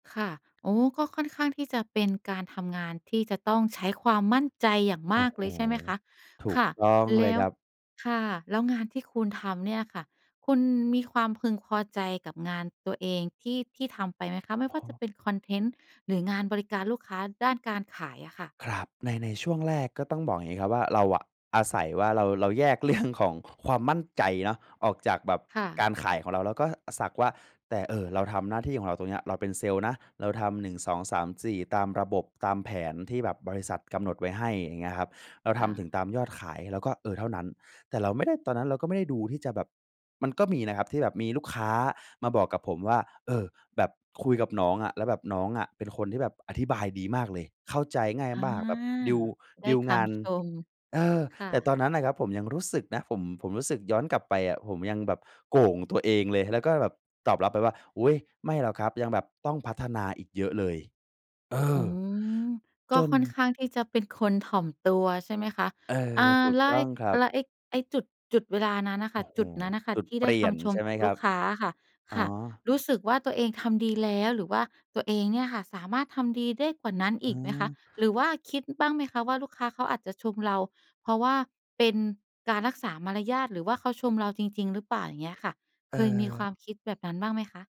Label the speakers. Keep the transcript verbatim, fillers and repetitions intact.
Speaker 1: ค่ะ อ๋อ ก็ค่อนข้างที่จะเป็นการทำงานที่จะต้องใช้ความมั่นใจอย่าง
Speaker 2: โอ
Speaker 1: ม
Speaker 2: ้
Speaker 1: าก
Speaker 2: โฮ
Speaker 1: เลย ใช่ไหมคะ
Speaker 2: ถู
Speaker 1: ค
Speaker 2: ก
Speaker 1: ่ะ
Speaker 2: ต้อง
Speaker 1: แ
Speaker 2: เ
Speaker 1: ล
Speaker 2: ลย
Speaker 1: ้
Speaker 2: ค
Speaker 1: ว
Speaker 2: รับ
Speaker 1: ค่ะ แล้วงานที่คุณทำเนี่ยค่ะ คุณมีความพึงพอใจกับงานตัวเองที่ ที่ทำไปไหมคะ ไม่
Speaker 2: โอ
Speaker 1: ว่าจะ
Speaker 2: ้
Speaker 1: เป็นคอนเทนต์หรืองานบริการลูกค้าด้านการขายอะค่ะ?
Speaker 2: ครับ ใน ในช่วงแรกก็ต้องบอกอย่างงี้ครับว่า เราอะอาศัยว่าเรา เราแยก เรื่อง ของความมั่นใจเนาะออกจากแบบ
Speaker 1: ค่
Speaker 2: ก
Speaker 1: ะ
Speaker 2: ารขายของเรา แล้วก็สักว่า แต่ เอ่อ เราทำหน้าที่ของเราตรงเนี้ย เราเป็นเซลส์นะเราทำ หนึ่งสองสามสี่ ตามระบบตามแผนที่แบบบริษัทกำหนดไว้ให้ อย่างเงี้ยครับ เรา
Speaker 1: ค
Speaker 2: ท
Speaker 1: ่
Speaker 2: ำถ
Speaker 1: ะ
Speaker 2: ึงตามยอดขาย เราก็ เอ่อ เท่านั้น แต่เราไม่ได้ ตอนนั้นเราก็ไม่ได้ดู ที่จะแบบ มันก็มีนะครับที่แบบมีลูกค้ามาบอกกับผมว่า "เออ แบบคุยกับน้องอะ แล้วแบบน้องอะเป็นคนที่แบบอธิบายดีมากเลย เข้าใจง่าย
Speaker 1: อา
Speaker 2: มากแบบดีล
Speaker 1: ได
Speaker 2: ด
Speaker 1: ้
Speaker 2: ีล
Speaker 1: ค
Speaker 2: งาน"
Speaker 1: ำชม
Speaker 2: เออ
Speaker 1: ค่
Speaker 2: แต่ต
Speaker 1: ะ
Speaker 2: อนนั้นน่ะครับ ผมยังรู้สึกนะ ผม ผมรู้สึกย้อนกลับไปอะ ผมยังแบบโก่งตัวเองเลย แล้วก็แบบตอบรับไปว่า "อุ๊ย ไม่หรอกครับ ยังแบบต้องพัฒนาอีกเยอะเลย" เอ
Speaker 1: อื
Speaker 2: อ!
Speaker 1: ม ก็
Speaker 2: จน
Speaker 1: ค่อนข้างที่จะเป็นคนถ่อมตัว ใช่ไหมคะ
Speaker 2: เออ
Speaker 1: อา
Speaker 2: ถูก
Speaker 1: ละ
Speaker 2: ต้
Speaker 1: ไ
Speaker 2: อ
Speaker 1: อ้
Speaker 2: งครั
Speaker 1: แ
Speaker 2: บ
Speaker 1: ล้วไอ้ ไอ้จุด จุดเวลานั้นน่ะ
Speaker 2: โ
Speaker 1: ค
Speaker 2: อ
Speaker 1: ่
Speaker 2: ้
Speaker 1: ะ
Speaker 2: โฮ
Speaker 1: จุดนั้นน่ะค่
Speaker 2: จ
Speaker 1: ะ
Speaker 2: ุด
Speaker 1: ที่
Speaker 2: เป
Speaker 1: ได้
Speaker 2: ลี
Speaker 1: ค
Speaker 2: ่ยน
Speaker 1: ำช
Speaker 2: ใ
Speaker 1: ม
Speaker 2: ช่ไห
Speaker 1: จ
Speaker 2: ม
Speaker 1: าก
Speaker 2: ค
Speaker 1: ล
Speaker 2: ร
Speaker 1: ู
Speaker 2: ั
Speaker 1: ก
Speaker 2: บ?
Speaker 1: ค้าอะค่ะ
Speaker 2: อ๋
Speaker 1: ค
Speaker 2: อ
Speaker 1: ่ะ รู้สึกว่าตัวเองทำดีแล้ว หรือว่าตัวเองเนี่ยค่ะ สามารถทำดีได้กว่านั้น
Speaker 2: เ
Speaker 1: อีกไหมคะ?
Speaker 2: ออ
Speaker 1: หรือว่าคิดบ้างไหมคะว่า ลูกค้าเขาอาจจะชมเรา เพราะว่าเป็นการรักษามารยาท หรือว่าเขาชมเราจริง ๆ หรือเปล่า? อย่างเงี้ยค่ะ
Speaker 2: เอ
Speaker 1: เ
Speaker 2: ่
Speaker 1: คยมีควา
Speaker 2: อ
Speaker 1: มคิดแบบนั้นบ้างไหมคะ?